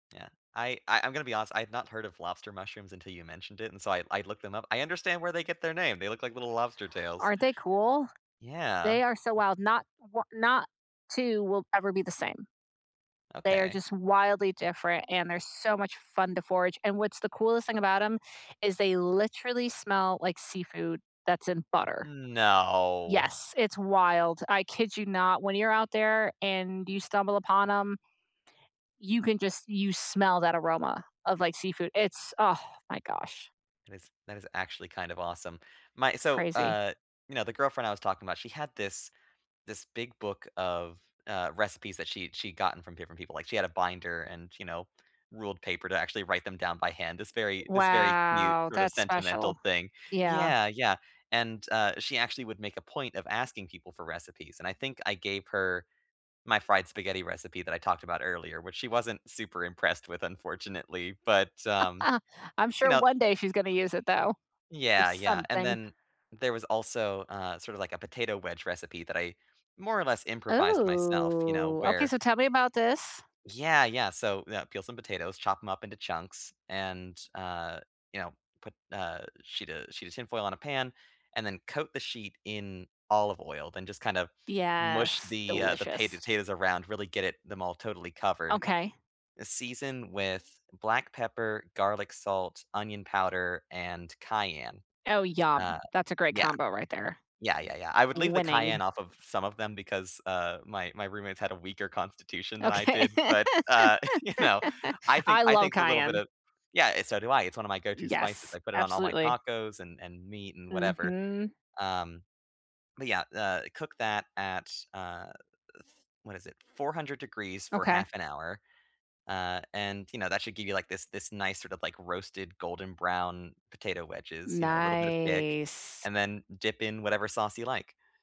Yeah, I I I'm gonna be honest. I have not heard of lobster mushrooms until you mentioned it, and so I I looked them up. I understand where they get their name. They look like little lobster tails. Aren't they cool? Yeah. They are so wild, not 1 not 2 will ever be the same. They are Okay. just wildly different, and they're so much fun to forage, and what's the coolest thing about 'em is they literally smell like seafood that's in butter. No. Yes, it's wild. I kid you not when you're out there, and you stumble upon 'em you can just you smell that aroma of, like, seafood. It's, ah, my gosh. That is that is actually kind of awesome. My It's so, crazy. uh, you know, the girlfriend I was talking about, she had this this big book of, uh, recipes that she she'd gotten from different people. Like, she had a binder and, you know, ruled paper to actually write them down by hand. This very this very cute Wow, sort of that's special. sentimental thing. Yeah. Yeah, yeah. And, uh, she actually would make a point of asking people for recipes. And I think I gave her my fried spaghetti recipe that I talked about earlier, which she wasn't super impressed with, unfortunately. But, um, I'm you sure know one day she's gonna use it though, for Yeah, yeah, and something. then there was also, uh, sort of like a potato wedge recipe that I more or less improvised myself, you know, Ooh. Okay, where so tell me about this. Yeah, yeah, so, yeah, peel some potatoes, chop 'em up into chunks, and, uh, you know, put, uh, a sheet a sheet of tinfoil on a pan, and then coat the sheet in olive oil, then just kind of mush Yes, the, uh, the pa the delicious. potatoes around, really get it them all totally covered. Okay. Uh, season with black pepper, garlic salt, onion powder, and cayenne. Oh, Uh, yum. That's a great yeah. combo right there. Yeah, yeah, yeah. I would leave the cayenne Winning. off of s some of them, because, uh, my my roommates had a weaker constitution than I Okay, did. But, uh, you know, I think I I love think the little bit Cayenne. of Yeah, and so do I. It's one of my go to spices. Yes, I put it on all my absolutely. tacos, and and meat, and whatever. Mhm. Um, but, yeah, uh, cook that at, uh, th what is it, 400 degrees for Okay. half an hour. Uh, and, you know, that should give you, like, this this nice sort of, like, roasted golden brown potato wedges, you know, little bit of kick. Nice. And then dip in whatever sauce you like.